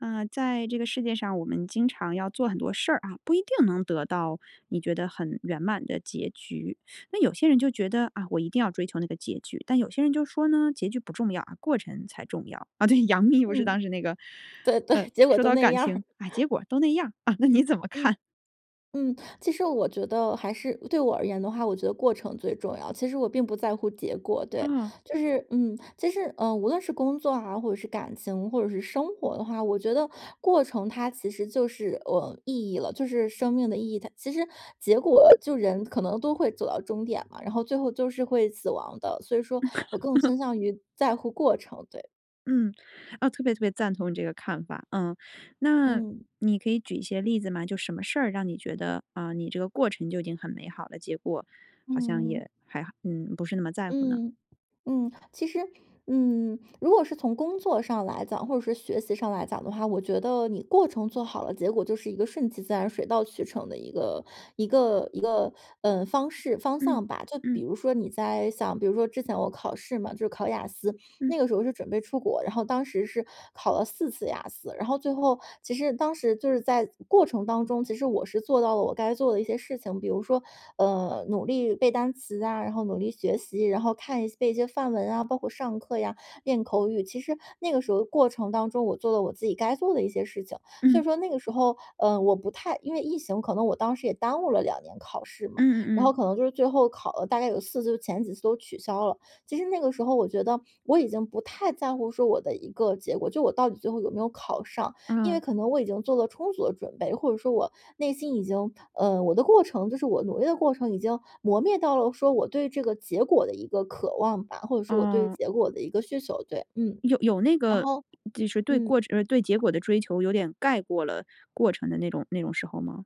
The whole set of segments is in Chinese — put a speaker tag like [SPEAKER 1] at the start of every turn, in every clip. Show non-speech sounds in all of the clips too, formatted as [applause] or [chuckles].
[SPEAKER 1] 呃，在这个世界上，我们经常要做很多事儿啊，不一定能得到你觉得很圆满的结局。那有些人就觉得：“啊，我一定要追求那个结局。”但有些人就说呢：”结局不重要啊，过程才重要。“啊，对，杨幂不是
[SPEAKER 2] 嗯，
[SPEAKER 1] 当时那个，
[SPEAKER 2] 对对，
[SPEAKER 1] 呃，
[SPEAKER 2] 结果
[SPEAKER 1] 说
[SPEAKER 2] 都
[SPEAKER 1] 到：
[SPEAKER 2] 那
[SPEAKER 1] “感
[SPEAKER 2] 样儿。
[SPEAKER 1] 情，啊，结
[SPEAKER 2] [chuckles]
[SPEAKER 1] 果都那样儿。“啊，那你怎么
[SPEAKER 2] 嗯。
[SPEAKER 1] 看？
[SPEAKER 2] 嗯。其实我觉得还是对我而言的话，我觉得过程最重要，其实我并不在乎结果。对，
[SPEAKER 1] 嗯。
[SPEAKER 2] 就是嗯，其实，嗯，无论是工作啊，或者是感情，或者是生活的话，我觉得过程它其实就是，呃，意义了，就是生命的意义它其实结果就人可能都会走到终点嘛。然后最后就是会死亡的，所以说我更
[SPEAKER 1] [laughs]
[SPEAKER 2] 倾向于在乎过程，对。
[SPEAKER 1] 嗯，啊，特别特别赞同你这个看法，嗯。那
[SPEAKER 2] 嗯。
[SPEAKER 1] 你可以举一些例子吗？就什么事儿让你觉得，呃，你这个过程就已经很美好了？结果好像
[SPEAKER 2] 嗯。
[SPEAKER 1] 也还嗯，不是那么在乎呢？
[SPEAKER 2] 嗯。嗯。其实，嗯，如果是从工作上来讲或者说学习上来讲的话，我觉得你过程做好了，结果就是一个顺其自然、水到渠成的一个一个一个，呃，方式、方
[SPEAKER 1] 嗯。
[SPEAKER 2] 向吧。就
[SPEAKER 1] 嗯。
[SPEAKER 2] 比如说你在像比如说之前我考试嘛，就是考雅思，
[SPEAKER 1] 嗯。
[SPEAKER 2] 那个时候是准备出国，然后当时是考了4次雅思，然后最后其实当时就是在过程当中，其实我是做到了我该做的一些事情。比如说，呃，努力背单词啊，然后努力学习，然后看一些背一些范文啊，包括上课呀、练口语，其实那个时候的过程当中，我做了我自己该做的一些事情。所
[SPEAKER 1] 嗯。
[SPEAKER 2] 以说那个时候，呃，我不太因为疫情可能我当时也耽误了2年考试嘛，
[SPEAKER 1] 嗯
[SPEAKER 2] 然
[SPEAKER 1] 嗯
[SPEAKER 2] 后
[SPEAKER 1] 嗯。
[SPEAKER 2] 可能就是最后考了大概有4次，就前几次都取消了。其实那个时候我觉得我已经不太在乎说我的一个结果，就我到底最后有没有考上，因为
[SPEAKER 1] 嗯。
[SPEAKER 2] 可能我已经做了充足的准备，或者说我内心已经呃，我的过程就是我努力的过程已经磨灭到了说，我对这个结果的一个渴望吧，或者说我对
[SPEAKER 1] 哦。
[SPEAKER 2] 结果的一个需求，对，嗯。
[SPEAKER 1] 有有那
[SPEAKER 2] 然
[SPEAKER 1] 个，
[SPEAKER 2] 后
[SPEAKER 1] 就是对
[SPEAKER 2] 嗯。
[SPEAKER 1] 过程就是对结果的追求有点盖过了过程的那种那种时候吗？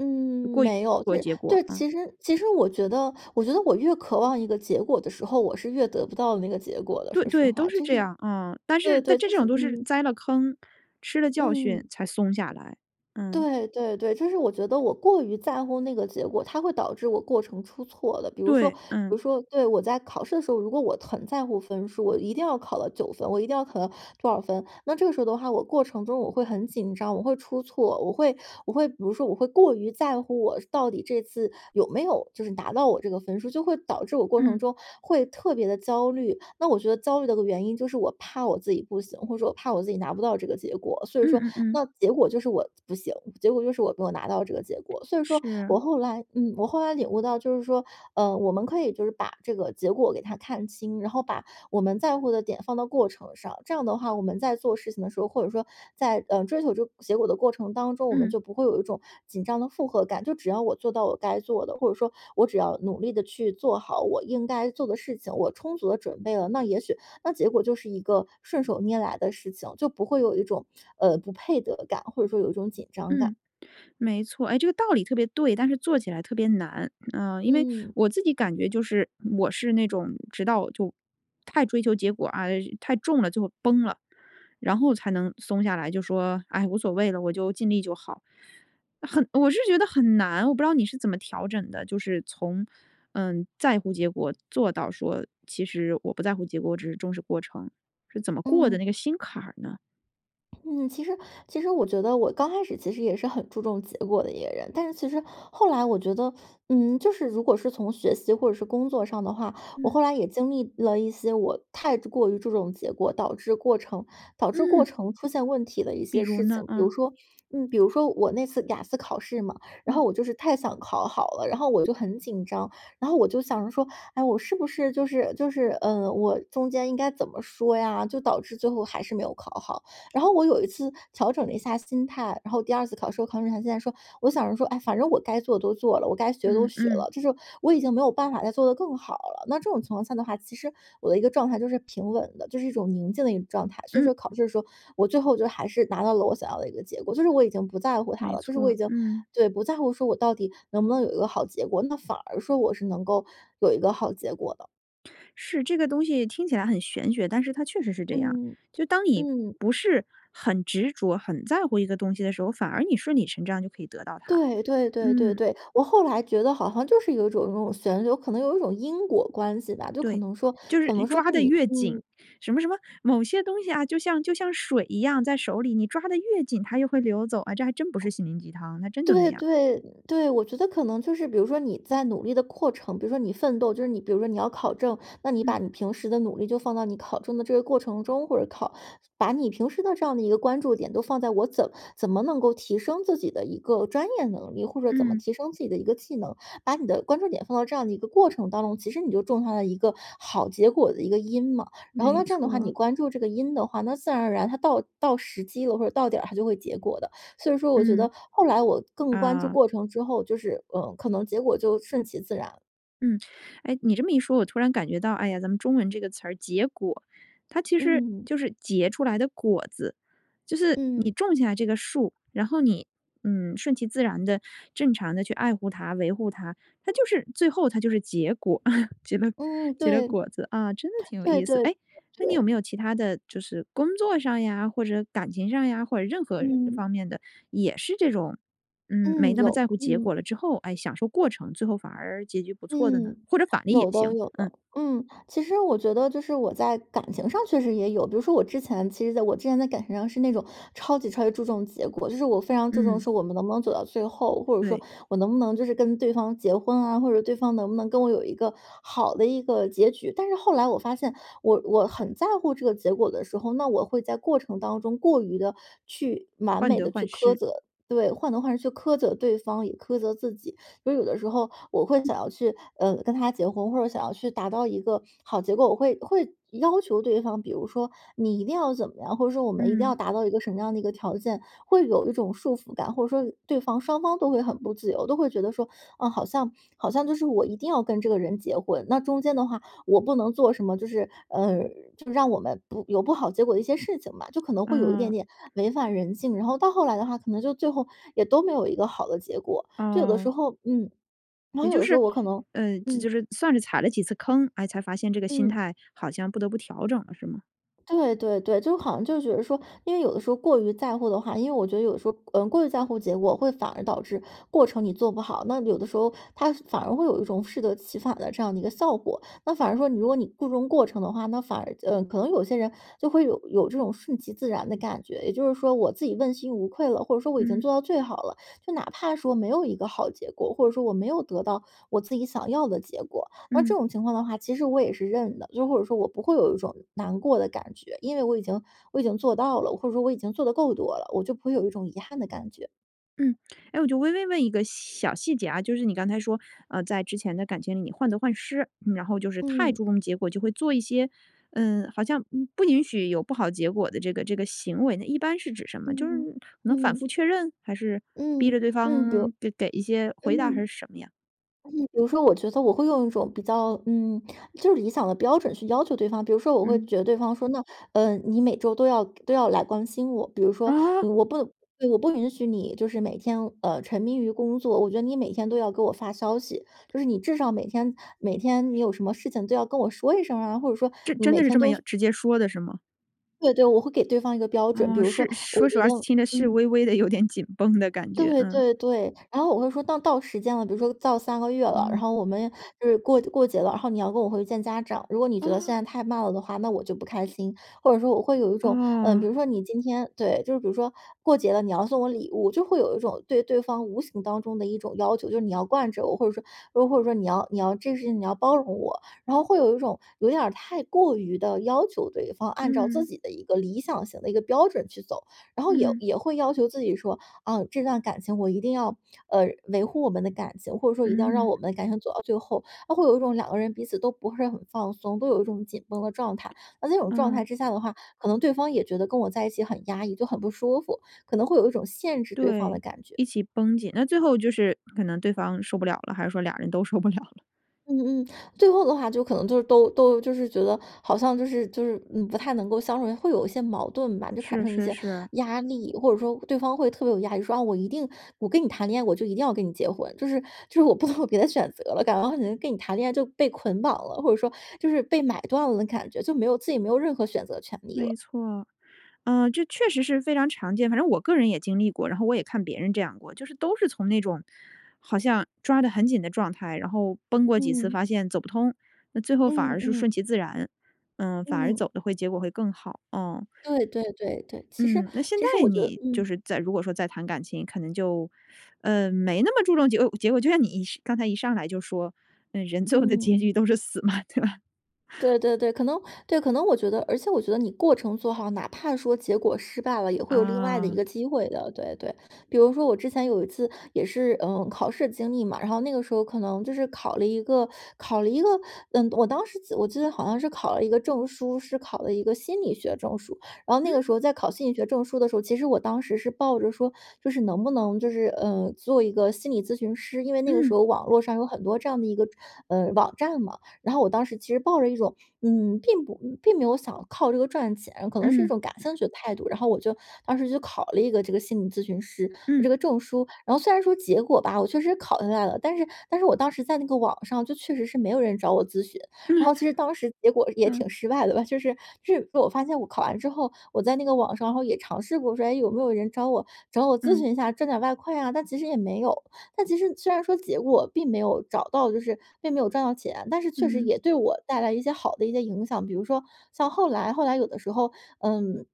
[SPEAKER 2] 嗯，
[SPEAKER 1] 过于
[SPEAKER 2] 没有。
[SPEAKER 1] 的
[SPEAKER 2] 对
[SPEAKER 1] 结果，
[SPEAKER 2] 对，
[SPEAKER 1] 啊。
[SPEAKER 2] 其实其实我觉得我觉得我越渴望一个结果的时候，我是越得不到那个结果的，
[SPEAKER 1] 对
[SPEAKER 2] 说实
[SPEAKER 1] 对，都
[SPEAKER 2] 话，
[SPEAKER 1] 是
[SPEAKER 2] 就
[SPEAKER 1] 这
[SPEAKER 2] 是
[SPEAKER 1] 样，啊，但
[SPEAKER 2] 对
[SPEAKER 1] 是
[SPEAKER 2] 对，
[SPEAKER 1] 但这
[SPEAKER 2] 就是
[SPEAKER 1] 种都是
[SPEAKER 2] 嗯。
[SPEAKER 1] 栽了坑、吃了教训
[SPEAKER 2] 嗯。
[SPEAKER 1] 才松下来，嗯。
[SPEAKER 2] 对对对，就是我觉得我过于在乎那个结果，它会导致我过程出错的。比如说比
[SPEAKER 1] 对，嗯。
[SPEAKER 2] 如说对，我在考试的时候，如果我很在乎分数，我一定要考到9分，我一定要考到多少分。那这个时候的话我过程中我会很紧张、我会出错，我会我会比如说我会过于在乎，我是到底这次有没有就是拿到我这个分数，就会导致我过程
[SPEAKER 1] 嗯。
[SPEAKER 2] 中会特别地焦虑。那我觉得焦虑的个原因就是我怕我自己不行，或者说我怕我自己拿不到这个结果，所以
[SPEAKER 1] 嗯
[SPEAKER 2] 说
[SPEAKER 1] 嗯嗯。
[SPEAKER 2] 那结果就是我不行，结果就是我没有拿到这个结果。所以说
[SPEAKER 1] 是。
[SPEAKER 2] 我后来嗯，我后来领悟到，就是说，呃，我们可以就是把这个结果给它看清，然后把我们在乎的点放到过程上。这样的话，我们在做事情的时候，或者说在，呃，追求这个结果的过程当中，我们
[SPEAKER 1] 嗯。
[SPEAKER 2] 就不会有一种紧张的负荷感。就只要我做到我该做的，或者说我只要努力地去做好我应该做的事情，我充足地准备了，那也许那结果就是一个顺手拈来的事情，就不会有一种，呃，不配得感，或者说有一种紧张感。
[SPEAKER 1] 嗯，没错。诶，这个道理特别对，但是做起来特别难。呃，因为
[SPEAKER 2] 嗯。
[SPEAKER 1] 我自己感觉就是我是那种直到就太追求结果，啊，太重了就崩了，然后才能松下来，就说：唉，无所谓了，我就尽力就好。“很我是觉得很难，我不知道你是怎么调整的？就是从，嗯，在乎结果，做到说：“其实我不在乎结果，我只是重视过程。”是怎么过的
[SPEAKER 2] 嗯。
[SPEAKER 1] 那个心坎儿呢？
[SPEAKER 2] 嗯，其实其实我觉得我刚开始其实也是很注重结果的一个人，但是其实后来我觉得，嗯，就是如果是从学习或者是工作上的话，我
[SPEAKER 1] 嗯。
[SPEAKER 2] 后来也经历了一些我太之过于注重结果，导致过程导致过
[SPEAKER 1] 嗯。
[SPEAKER 2] 程出现问题的一
[SPEAKER 1] 比
[SPEAKER 2] 些
[SPEAKER 1] 如
[SPEAKER 2] 事
[SPEAKER 1] 呢？
[SPEAKER 2] 情。比如
[SPEAKER 1] 嗯。
[SPEAKER 2] 说嗯，比如说我那次雅思考试嘛，然
[SPEAKER 1] 嗯。
[SPEAKER 2] 后我就是太想考好了，然后我就很紧张，然后我就想着说，哎我是不是就是就是呃，我中间应该怎么说呀，就导致最后还是没有考好。然后我有一次调整了一下心态，然后第2次考试，我考试之前竟然说，我想着说，哎，反正我该做的都做了，我该学的都
[SPEAKER 1] 嗯
[SPEAKER 2] 学
[SPEAKER 1] 嗯。
[SPEAKER 2] 了，就是说我已经没有办法再做得更好了，那这种情况下的话呢，其实我的一个状态就是平稳的，就是一种宁静的一种状态，所以
[SPEAKER 1] 嗯。
[SPEAKER 2] 说考试的时候我最后就还是拿到了我想要的一个结果，就是我已经不在乎它
[SPEAKER 1] 没
[SPEAKER 2] 了，就是我
[SPEAKER 1] 错，
[SPEAKER 2] 已经
[SPEAKER 1] 嗯。
[SPEAKER 2] 对，不在乎说我到底能不能有一个好结果，那反而说我是能够有一个好结果的。
[SPEAKER 1] 是，这个东西听起来很玄学，但是它确实是这样。
[SPEAKER 2] 嗯。
[SPEAKER 1] 就当你
[SPEAKER 2] 嗯。
[SPEAKER 1] 不是很执着、很在乎一个东西的时候，反而你顺理成章就可以得到它。
[SPEAKER 2] 对对对对
[SPEAKER 1] 嗯。
[SPEAKER 2] 对。我后来觉得好像就是有一种有一种旋流，可能有一种因果关系吧，就可
[SPEAKER 1] 对，
[SPEAKER 2] 能说
[SPEAKER 1] 就是
[SPEAKER 2] 可能说
[SPEAKER 1] 抓
[SPEAKER 2] 是
[SPEAKER 1] 得
[SPEAKER 2] 你
[SPEAKER 1] 越紧，
[SPEAKER 2] 嗯。
[SPEAKER 1] 什么什么某些东西啊就像就像水一样在手里，你抓得越紧它又会流走啊。这还真不是心灵鸡汤，它真就那
[SPEAKER 2] 对
[SPEAKER 1] 样。
[SPEAKER 2] 对，对，我觉得可能就是比如说你在努力的过程比如说你奋斗，就是你比如说你要考证，那你把
[SPEAKER 1] 嗯。
[SPEAKER 2] 你平时的努力就放到你考证的这个过程中，或者考把你平时的这样的一个关注点都放在我怎怎么能够提升自己的一个专业能力，或者怎么
[SPEAKER 1] 嗯。
[SPEAKER 2] 提升自己的一个技能，把你的关注点放到这样的一个过程当中，其实你就种下了一个好结果的一个因嘛。然后
[SPEAKER 1] 没
[SPEAKER 2] 那这样的话，你
[SPEAKER 1] 错。
[SPEAKER 2] 关注这个因的话，那自然而然它到到时机了或者到点儿它就会结果的。所以说我觉
[SPEAKER 1] 嗯。
[SPEAKER 2] 得后来我更关注
[SPEAKER 1] 啊。
[SPEAKER 2] 过程之后，就是，呃，可能结果就顺其自然了。
[SPEAKER 1] 嗯。哎，你这么一说，我突然感觉到哎呀，咱们中文这个词儿，结果，它其实
[SPEAKER 2] 嗯。
[SPEAKER 1] 就是结出来的果子，就是你
[SPEAKER 2] 嗯。
[SPEAKER 1] 种下这个树，然后你，嗯，顺其自然地正常地去爱护它，维护它，它就是最后它就是结果，[chuckles] 结了
[SPEAKER 2] 嗯，
[SPEAKER 1] 结了
[SPEAKER 2] 对。
[SPEAKER 1] 果子啊，真的挺有
[SPEAKER 2] 对
[SPEAKER 1] 意思。
[SPEAKER 2] 对对
[SPEAKER 1] 哎，那你有没
[SPEAKER 2] 对。
[SPEAKER 1] 有其它的就是工作上呀或者感情上呀，或者任何
[SPEAKER 2] 嗯。
[SPEAKER 1] 方面的也是这种，嗯，没
[SPEAKER 2] 嗯，
[SPEAKER 1] 那么
[SPEAKER 2] 有，
[SPEAKER 1] 在乎结
[SPEAKER 2] 嗯。
[SPEAKER 1] 果了之后，哎，享受过程最后反而结局不错的呢？
[SPEAKER 2] 嗯，
[SPEAKER 1] 或者反例也
[SPEAKER 2] 有的
[SPEAKER 1] 行。
[SPEAKER 2] 有
[SPEAKER 1] 嗯。
[SPEAKER 2] 的，嗯。其实我觉得就是我在感情上确实也有，比如说我之前其实在我之前在感情上是那种超级超级注重结果，就是我非常注重
[SPEAKER 1] 嗯。
[SPEAKER 2] 说我们能不能走到最后，或者说
[SPEAKER 1] 对。
[SPEAKER 2] 我能不能就是跟对方结婚啊，或者对方能不能跟我有一个好的一个结局。但是后来我发现我我很在乎这个结果的时候，那我会在过程当中过于地去完
[SPEAKER 1] 患
[SPEAKER 2] 美
[SPEAKER 1] 得
[SPEAKER 2] 地去
[SPEAKER 1] 患
[SPEAKER 2] 苛
[SPEAKER 1] 失。
[SPEAKER 2] 责对，患得患失去苛责对方也苛责自己，所以有的时候我会想要去，呃，跟他结婚，或者想要去达到一个好结果，我会会要求对方，比如说你一定要怎么样，或者说我们一定要
[SPEAKER 1] 嗯。
[SPEAKER 2] 达到一个什么样的一个条件，会有一种束缚感，或者说对方双方都会很不自由，都会觉得说，啊，好像好像就是我一定要跟这个人结婚，那中间的话我不能做什么，就是，呃，就让我们不有不好结果的一些事情吧，就可能会有一
[SPEAKER 1] 啊。
[SPEAKER 2] 点点违反人性，然后到后来的话，可能就最后也都没有一个好的结果，就有的
[SPEAKER 1] 哦。
[SPEAKER 2] 时候嗯。然
[SPEAKER 1] 也
[SPEAKER 2] 后有
[SPEAKER 1] 就
[SPEAKER 2] 的时
[SPEAKER 1] 是，
[SPEAKER 2] 候我可能
[SPEAKER 1] 呃，
[SPEAKER 2] 嗯。
[SPEAKER 1] 就是算是踩了几次坑，哎，才发现这个心
[SPEAKER 2] 嗯。
[SPEAKER 1] 态好像不得不调整了是吗？
[SPEAKER 2] 对对对，就好像就觉得说，因为有的时候过于在乎的话因为我觉得有时候，呃，过于在乎结果会反而导致过程你做不好，那有的时候它反而会有一种适得其反的这样的一个效果，那反而说你如果你注重过程的话，那反而呃，可能有些人就会有有这种顺其自然的感觉。也就是说我自己问心无愧了，或者说我已经
[SPEAKER 1] 嗯。
[SPEAKER 2] 做到最好了，就哪怕说没有一个好结果，或者说我没有得到我自己想要的结果。而这
[SPEAKER 1] 嗯。
[SPEAKER 2] 种情况的话，其实我也是认的，就或者说我不会有一种难过的感觉，因为我已经我已经做到了，或者说我已经做得够多了，我就不会有一种遗憾的感觉。
[SPEAKER 1] 嗯。诶我就微微问一个小细节啊，就是你刚才说，呃，在之前的感情里患得患失，然后就是太
[SPEAKER 2] 嗯。
[SPEAKER 1] 注重结果就会做一些，呃，好像不允许有不好结果的这个这个行为呢一般是指什么？就是
[SPEAKER 2] 嗯
[SPEAKER 1] 能反
[SPEAKER 2] 嗯，
[SPEAKER 1] 复
[SPEAKER 2] 嗯。
[SPEAKER 1] 确认？还是逼
[SPEAKER 2] 嗯，
[SPEAKER 1] 着对
[SPEAKER 2] 嗯，比如
[SPEAKER 1] 方得给一些回答还
[SPEAKER 2] 嗯。
[SPEAKER 1] 是什么呀？
[SPEAKER 2] 嗯，比如说我觉得我会用一种比较嗯，就是理想的标准去要求对方，比如说我会
[SPEAKER 1] 嗯。
[SPEAKER 2] 觉得对方说，那，呃，你每周都要都要来关心我，比如说
[SPEAKER 1] 啊？
[SPEAKER 2] 我不我不允许你就是每天，呃，沉迷于工作，我觉得你每天都要给我发消息，就是你至少每天每天你有什么事情都要跟我说一声儿啊，或者说
[SPEAKER 1] 这
[SPEAKER 2] 你
[SPEAKER 1] 真
[SPEAKER 2] 每
[SPEAKER 1] 的是
[SPEAKER 2] 天
[SPEAKER 1] 这么
[SPEAKER 2] 都
[SPEAKER 1] 样直接说的是吗？
[SPEAKER 2] 对对，我会给对方一个标准，比
[SPEAKER 1] 哦，
[SPEAKER 2] 如
[SPEAKER 1] 是
[SPEAKER 2] 说
[SPEAKER 1] 说
[SPEAKER 2] 我
[SPEAKER 1] 实
[SPEAKER 2] 觉
[SPEAKER 1] 话
[SPEAKER 2] 得
[SPEAKER 1] 听着是
[SPEAKER 2] 嗯。
[SPEAKER 1] 微微地有点紧绷的感觉。
[SPEAKER 2] 对
[SPEAKER 1] 嗯。
[SPEAKER 2] 对对，然后我会说当到时间了，比如说到3个月了，然
[SPEAKER 1] 嗯。
[SPEAKER 2] 后我们就是过过节了，然后你要跟我回去见家长，如果你觉得现
[SPEAKER 1] 哦。
[SPEAKER 2] 在太慢了的话，那我就不开心。或者说我会有一种，呃，比
[SPEAKER 1] 哦。
[SPEAKER 2] 如说你今天对，就比如说过节了，你要送我礼物，就会有一种对对方无形当中的一种要求，就是你要惯着我，或者说又或者说你要你要这个事情你要包容我，然后会有一种有点儿太过于地要求对方按照自
[SPEAKER 1] 嗯。
[SPEAKER 2] 己的一个理想型的一个标准去走。然后也
[SPEAKER 1] 嗯。
[SPEAKER 2] 也会要求自己说：“啊，这段感情我一定要，呃维护我们的感情，或者说一定要让
[SPEAKER 1] 嗯。
[SPEAKER 2] 我们的感情走到最后。”它会有一种两个人彼此都不是很放松，都有一种紧绷的状态。那在这种状态
[SPEAKER 1] 嗯。
[SPEAKER 2] 之下的话，可能对方也觉得跟我在一起很压抑，就很不舒服，可能会有一种限制对方的
[SPEAKER 1] 对，
[SPEAKER 2] 感觉。
[SPEAKER 1] 一起绷紧。那最后就是可能对方受不了了，还是说俩儿人都受不了了？
[SPEAKER 2] 嗯嗯，最后的话就可能就是都都就是觉得好像就是就是，嗯，不太能够相处，会有一些矛盾吧。就产
[SPEAKER 1] 是
[SPEAKER 2] 生一
[SPEAKER 1] 是
[SPEAKER 2] 些
[SPEAKER 1] 是。
[SPEAKER 2] 压力，或者说对方会特别有压力，说：“啊，我一定我跟你谈恋爱，我就一定要跟你结婚。”就是就是我不能有别的选择了，感觉好像跟你谈恋爱就被捆绑了，或者说就是被买断了的感觉，就没有自己没有任何选择权利
[SPEAKER 1] 没
[SPEAKER 2] 了。
[SPEAKER 1] 错。呃，这确实是非常常见。反正我个人也经历过，然后我也看别人这样过，就是都是从那种好像抓得很紧的状态然后崩过几次
[SPEAKER 2] 嗯。
[SPEAKER 1] 发现走不通，那最后反
[SPEAKER 2] 嗯
[SPEAKER 1] 而是
[SPEAKER 2] 嗯。
[SPEAKER 1] 顺其自然，呃，反而
[SPEAKER 2] 嗯。
[SPEAKER 1] 走得会结果会更好，嗯。
[SPEAKER 2] 对对对对。其实
[SPEAKER 1] 嗯，那现
[SPEAKER 2] 其实
[SPEAKER 1] 在
[SPEAKER 2] 我觉得
[SPEAKER 1] 你就
[SPEAKER 2] 嗯。
[SPEAKER 1] 是再如果说再谈感情，可能就，呃，没那么注重结果结果。就像你是刚才一上来就说：“嗯，人最后的结
[SPEAKER 2] 嗯。
[SPEAKER 1] 局都是死嘛。”对吧？[chuckles]
[SPEAKER 2] 对对对，可能对，可能我觉得而且我觉得你过程做好，哪怕说结果失败了，也会有另外的一
[SPEAKER 1] 啊。
[SPEAKER 2] 个机会的，对对。比如说我之前有一次也是，呃，考试的经历嘛，然后那个时候可能就是考了一个考了一个，嗯，我当时记得我记得好像是考了一个证书，是考了一个心理学证书。然后
[SPEAKER 1] 嗯？
[SPEAKER 2] 那个时候在考心理学证书的时候，其实我当时是抱着说就是能不能就是，呃，做一个心理咨询师，因为那个时
[SPEAKER 1] 嗯。
[SPEAKER 2] 候网络上有很多这样的一个，呃，网站嘛。然后我当时其实抱着一种，嗯，并不并没有想靠这个赚钱，可能是一
[SPEAKER 1] 嗯。
[SPEAKER 2] 种感兴趣的态度。然后我就当时就考了一个这个心理咨询师，
[SPEAKER 1] 嗯。
[SPEAKER 2] 这个证书，然后虽然说结果吧，我确实考下来了，但是但是我当时在那个网上就确实是没有人找我咨询，然
[SPEAKER 1] [laughs]
[SPEAKER 2] 后其实当时结果也
[SPEAKER 1] 嗯。
[SPEAKER 2] 挺失败的吧，就是就是我发现我考完之后，我在那个网上，然后也尝试过说：”诶，有没有人找我找我咨
[SPEAKER 1] 嗯。
[SPEAKER 2] 询一下，挣点外快啊。“但其实也没有，但其实虽然说结果并没有找到就是并没有赚到钱，但是确实
[SPEAKER 1] 嗯。
[SPEAKER 2] 也对我带来一些好的一些影响。比如说像后来后来有的时候，嗯，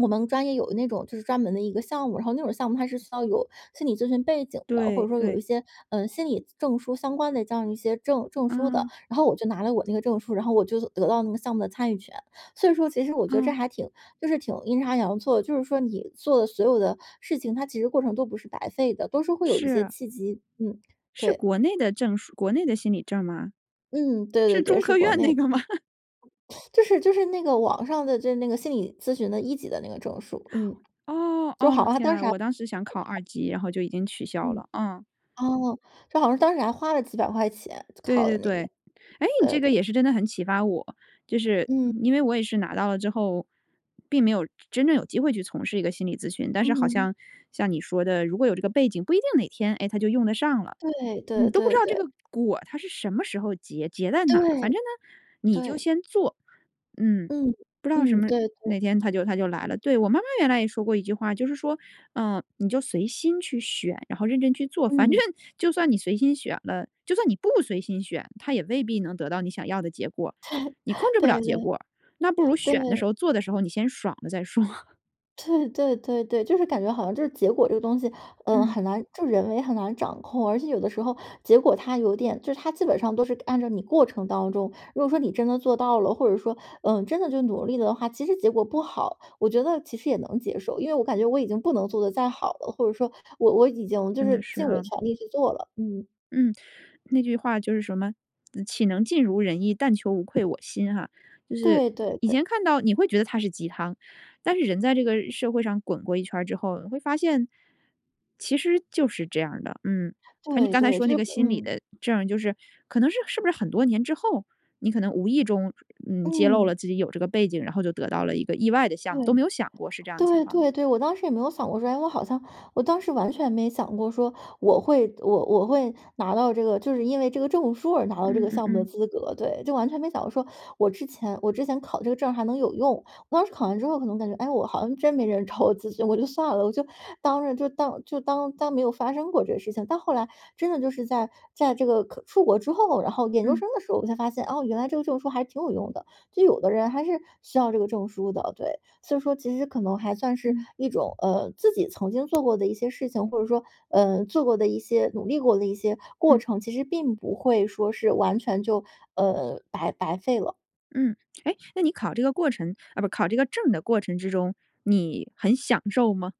[SPEAKER 2] 我们专业有那种就是专门的一个项目，然后那种项目它是需要有心理咨询背景的，或者
[SPEAKER 1] 对，
[SPEAKER 2] 说有一
[SPEAKER 1] 对。
[SPEAKER 2] 些，呃，心理证书相关的这样一些证证书的，
[SPEAKER 1] 啊。
[SPEAKER 2] 然后我就拿了我那个证书，然后我就得到那个项目的参与权。所以说其实我觉得这
[SPEAKER 1] 哦。
[SPEAKER 2] 还挺就是挺阴差阳错的，就是说你做的所有的事情，它其实过程都不是白费的，都是会有一些
[SPEAKER 1] 是。
[SPEAKER 2] 契机。嗯，
[SPEAKER 1] 是
[SPEAKER 2] 对。
[SPEAKER 1] 国内的证书国内的心理证儿吗？
[SPEAKER 2] 嗯，对对
[SPEAKER 1] 是
[SPEAKER 2] 对，
[SPEAKER 1] 中
[SPEAKER 2] 是
[SPEAKER 1] 科
[SPEAKER 2] 国
[SPEAKER 1] 院
[SPEAKER 2] 内
[SPEAKER 1] 那
[SPEAKER 2] 的。
[SPEAKER 1] 个吗？[laughs]
[SPEAKER 2] [sucks teeth] 就是就是那个网上的这那个心理咨询的1级的那个证书，嗯。
[SPEAKER 1] 哦，
[SPEAKER 2] 都
[SPEAKER 1] 哦，
[SPEAKER 2] 好啊，
[SPEAKER 1] 天
[SPEAKER 2] 当
[SPEAKER 1] 啊，
[SPEAKER 2] 时还白
[SPEAKER 1] 我当时想考
[SPEAKER 2] 考。
[SPEAKER 1] 二级，然后就已经取消
[SPEAKER 2] 嗯。
[SPEAKER 1] 了。嗯。
[SPEAKER 2] 哦，这好像当时还花了几百块钱，
[SPEAKER 1] 对
[SPEAKER 2] 考的
[SPEAKER 1] 对
[SPEAKER 2] 那个，
[SPEAKER 1] 对。诶，你这
[SPEAKER 2] 呃，
[SPEAKER 1] 个
[SPEAKER 2] 对。
[SPEAKER 1] 也是真的很启发我，就是
[SPEAKER 2] 嗯。
[SPEAKER 1] 因为我也是拿到了之后，并没有真真正有机会去从事一个心理咨询，但是好
[SPEAKER 2] 嗯。
[SPEAKER 1] 像，像你说的，如果有这个背景，不一定哪天，哎，它就用得上了，
[SPEAKER 2] 对
[SPEAKER 1] 你
[SPEAKER 2] 对
[SPEAKER 1] 都不知
[SPEAKER 2] 对
[SPEAKER 1] 道这
[SPEAKER 2] 对。
[SPEAKER 1] 个果它是什么时候结，结在哪儿？反
[SPEAKER 2] 对。
[SPEAKER 1] 正呢，你就
[SPEAKER 2] 对。
[SPEAKER 1] 先做。嗯，
[SPEAKER 2] 嗯，
[SPEAKER 1] 不知道什
[SPEAKER 2] 嗯，
[SPEAKER 1] 么
[SPEAKER 2] 对对。
[SPEAKER 1] 哪天它就它就来了。对，我妈妈原来也说过一句话，就是说：“呃，你就随心去选，然后认真去做。“反正
[SPEAKER 2] 嗯。
[SPEAKER 1] 就算你随心选了，就算你不随心选，它也未必能得到你想要的结果，
[SPEAKER 2] 对
[SPEAKER 1] 你控
[SPEAKER 2] [chuckles]
[SPEAKER 1] 制不了
[SPEAKER 2] 对-
[SPEAKER 1] 结果儿，那不如
[SPEAKER 2] 对。
[SPEAKER 1] 选的时
[SPEAKER 2] 对。
[SPEAKER 1] 候、做的时候你先爽了再说。
[SPEAKER 2] 对对对对，就是感觉好像就是结果这个东西，呃，
[SPEAKER 1] 嗯。
[SPEAKER 2] 很难就人为很难掌控。而且有的时候结果它有点就是它基本上都是按照你过程当中，如果说你真的做到了，或者说，嗯，真的就努力的话，其实结果不好，我觉得其实也能接受。因为我感觉我已经不能做得再好了，或者说我我已经就
[SPEAKER 1] 真的
[SPEAKER 2] 是
[SPEAKER 1] 是
[SPEAKER 2] 尽我
[SPEAKER 1] 啊。
[SPEAKER 2] 全力去做了。嗯。
[SPEAKER 1] 嗯，那句话就是什么，岂能尽如人意，但求无愧我心哈。就是
[SPEAKER 2] 对对
[SPEAKER 1] 以
[SPEAKER 2] 对。
[SPEAKER 1] 前看到你会觉得它是鸡汤，但是人在这个社会上滚过一圈儿之后你会发现，其实就是这样儿的。嗯，反正你
[SPEAKER 2] 对
[SPEAKER 1] 刚才
[SPEAKER 2] 对，
[SPEAKER 1] 说
[SPEAKER 2] 就
[SPEAKER 1] 那
[SPEAKER 2] 是
[SPEAKER 1] 个心理
[SPEAKER 2] 嗯。
[SPEAKER 1] 的证儿就是可能是，是不是很多年之后，你可能无意中嗯，揭露
[SPEAKER 2] 嗯。
[SPEAKER 1] 了自己有这个背景，然后就得到了一个意外的项目，都没
[SPEAKER 2] 对。
[SPEAKER 1] 有想过是这样的情
[SPEAKER 2] 对
[SPEAKER 1] 况吗？
[SPEAKER 2] 对对，我当时也没有想过说：“诶，我好像“我当时完全没想过说我会我我会拿到这个就是因为这个证书而拿到这
[SPEAKER 1] 嗯
[SPEAKER 2] 个
[SPEAKER 1] 嗯
[SPEAKER 2] 项目的
[SPEAKER 1] 嗯。
[SPEAKER 2] 资格，对。就完全没想过说我之前我之前考的这个证儿还能有用，我当时考完之后可能感觉：“诶，我好像真没人找我咨询，我就算了，我就当就当就当当没有发生过这个事情。”到后来，真的就是在在这个可出国之后，然后研究
[SPEAKER 1] 嗯。
[SPEAKER 2] 生的时候我才发现：“哦，原来这个证书还挺有用的，就有的人还是需要这个证书的。”对，所以说其实可能还算是
[SPEAKER 1] 嗯。
[SPEAKER 2] 一种，呃，自己曾经做过的一些事情，或者说，呃，做过的一些努力过的一些过
[SPEAKER 1] 嗯。
[SPEAKER 2] 程，其实并不会说是完全就，呃，白白费了。
[SPEAKER 1] 嗯。诶，那你考这个过程啊，不，考这个证的过程之中，你很享受吗？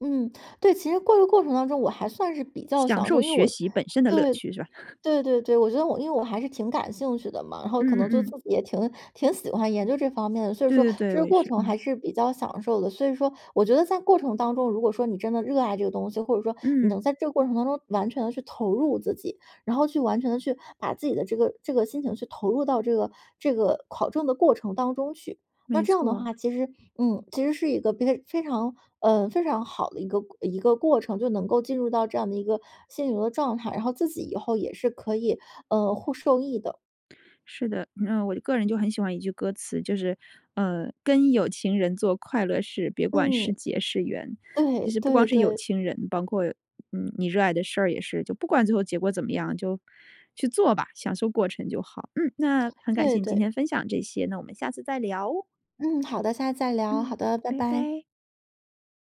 [SPEAKER 2] 嗯，对，其实过过程当中我还算是比较
[SPEAKER 1] 享
[SPEAKER 2] 享
[SPEAKER 1] 受
[SPEAKER 2] 受。因为
[SPEAKER 1] 学
[SPEAKER 2] 我
[SPEAKER 1] 习本身的乐
[SPEAKER 2] 对，
[SPEAKER 1] 趣是吧？[laughs]
[SPEAKER 2] 对对对，我觉得我因为我还是挺感兴趣的嘛，然后可
[SPEAKER 1] 嗯嗯
[SPEAKER 2] 能就自
[SPEAKER 1] 嗯。
[SPEAKER 2] 己也挺挺喜欢研究这方面的，所以
[SPEAKER 1] 对
[SPEAKER 2] 说
[SPEAKER 1] 对对，
[SPEAKER 2] 这
[SPEAKER 1] 我
[SPEAKER 2] 个
[SPEAKER 1] 也
[SPEAKER 2] 过
[SPEAKER 1] 是，
[SPEAKER 2] 程
[SPEAKER 1] 嗯。
[SPEAKER 2] 还是比较享受的。所以说我觉得在过程当中，如果说你真的热爱这个东西，或者说你
[SPEAKER 1] 嗯。
[SPEAKER 2] 能在这个过程当中完全地去投入自己，然后去完全地去把自己的这个这个心情去投入到这个这个考证的过程当中去。那
[SPEAKER 1] 没
[SPEAKER 2] 这样的
[SPEAKER 1] 错。
[SPEAKER 2] 话，其实，嗯，其实是一个比非常，呃，非常好的一个一个过程，就能够进入到这样的一个心灵的状态，然后自己以后也是可以，呃，获受益的。
[SPEAKER 1] 是的，嗯，我个人就很喜欢一句歌词，就是：“呃，跟有情人做快乐事，别管是
[SPEAKER 2] 嗯。
[SPEAKER 1] 劫是缘。”其
[SPEAKER 2] 对
[SPEAKER 1] 实不光
[SPEAKER 2] 对
[SPEAKER 1] 是有
[SPEAKER 2] 对。
[SPEAKER 1] 情人，包括，嗯，你热爱的事儿也是，就不管最后结果怎么样，就，去做吧，享受过程就好。嗯，那很感谢
[SPEAKER 2] 对
[SPEAKER 1] 你今
[SPEAKER 2] 对。
[SPEAKER 1] 天分享这些，那我们下次再聊。
[SPEAKER 2] 嗯，好的，下次再聊。好
[SPEAKER 1] 嗯。
[SPEAKER 2] 的，拜
[SPEAKER 1] 拜
[SPEAKER 2] 拜。
[SPEAKER 1] 拜。